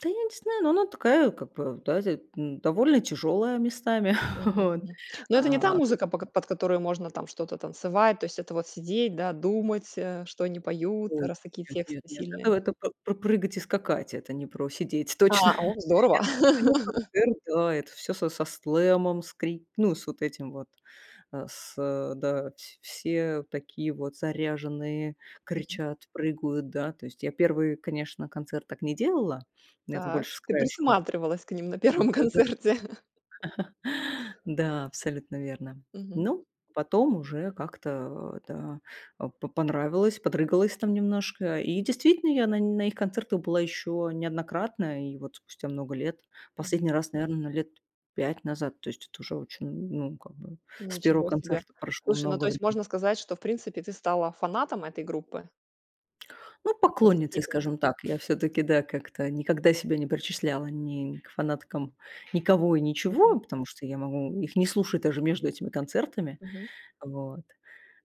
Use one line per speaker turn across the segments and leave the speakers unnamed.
Да, я не знаю, но она такая, как бы, ав да зе м довольно тяжелая местами.
Мгм,
Вот.
мгм. Но это не та
А вот.
музыка, по кот под которую можно там что-то танцевать, то есть это вот сидеть, да, думать, э, что они поют,
Ой,
раз такие
я, нет
тексты
нет, это
сильные?
вот, э, по про прыгать и скакать, это не про сидеть точно.
А, о в здорово.
Это все равно концерт, да, это всё со со слэмом, с кри ну, с вот этим вот, э, с э, да, вс все, а, такие вот заряженные
Мгм.
кричат, прыгают, да. То есть я 1, конечно, концерт так не делала. Я там
Так,
больше с
ты
краешку.
присматривалась к ним на
Вот
1
это.
концерте.
Да, абсолютно верно.
Мгм.
Ну, потом уже как-то, э, да, а, по понравилось, подрыгалась там немножко. И действительно, я на нь на их концертах была еще неоднократно. И вот спустя много лет
Мгм.
последний раз, наверное, лет 5 назад, то есть это уже очень, ну, как бы, с 1
Ничего себе.
концерта прошло
Слушай, ну,
много
то есть,
врем
можно сказать, что, в принципе, ты стала фанатом этой группы?
Ну,
В какой-то
поклонницей,
степени.
скажем так, я всё-таки, да, как-то никогда себя не причисляла ни к фанаткам никого и
Мгм.
ничего, потому что я могу их не слушать даже между этими концертами.
Мгм.
Вот.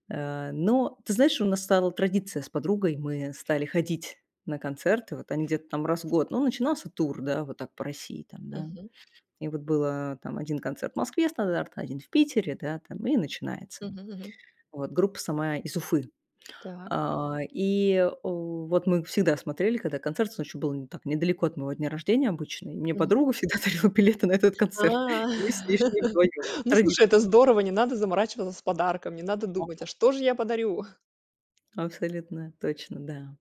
Э, но, ты знаешь, у нас стала традиция с подругой, мы, э, стали ходить на концерты. Вот они где-то там раз в год. Ну, начинался тур, да, вот так по России, там, да.
Мгм.
И вот было там 1 концерт в Москве стандартно, 1 в Питере, да, там и начинается.
Мгм, мгм.
Вот группа сама из Уфы.
Так.
А, и, о, вот мы всегда смотрели, когда концерт, с он еще был не так недалеко от моего дня рождения обычно. И мне
Мгм.
подруга всегда дарила билеты на этот концерт.
А!
И мы с ней шли вдвоём.
Ну, слушай, это
Традиция.
здорово, не надо заморачиваться с подарком, не надо думать, а
[unintelligible]
что же я подарю?
Абсолютно. Точно. Да.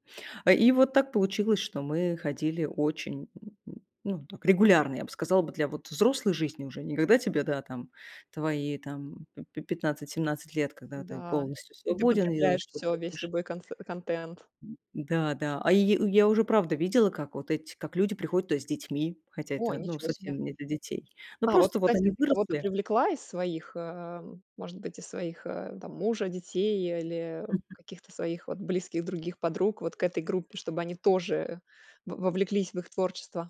А, и вот так получилось, что мы ходили очень ну, так регулярно, я бы сказала бы, для вот взрослой жизни уже, не когда тебе, да, там твои там пи пи 15-17 лет, когда ты
Н-да,
полностью
и ты
свободен и делаешь,
потребляешь
чё
всё, весь
хочешь.
любой консе контент.
М, да, да. А, йи э, я уже правда видела, как вот эти как люди приходят туда с детьми, хотя
О,
это, ну,
ничего себе.
совсем не для детей. Но
А вот,
просто вот
кстати,
они
ты кого-то
выросли
привлекла из своих, э, м может быть, из своих, э, там, мужа, детей или
Мгм.
каких-то своих вот близких других подруг вот к этой группе, чтобы они тоже, э, во вовлеклись в их творчество?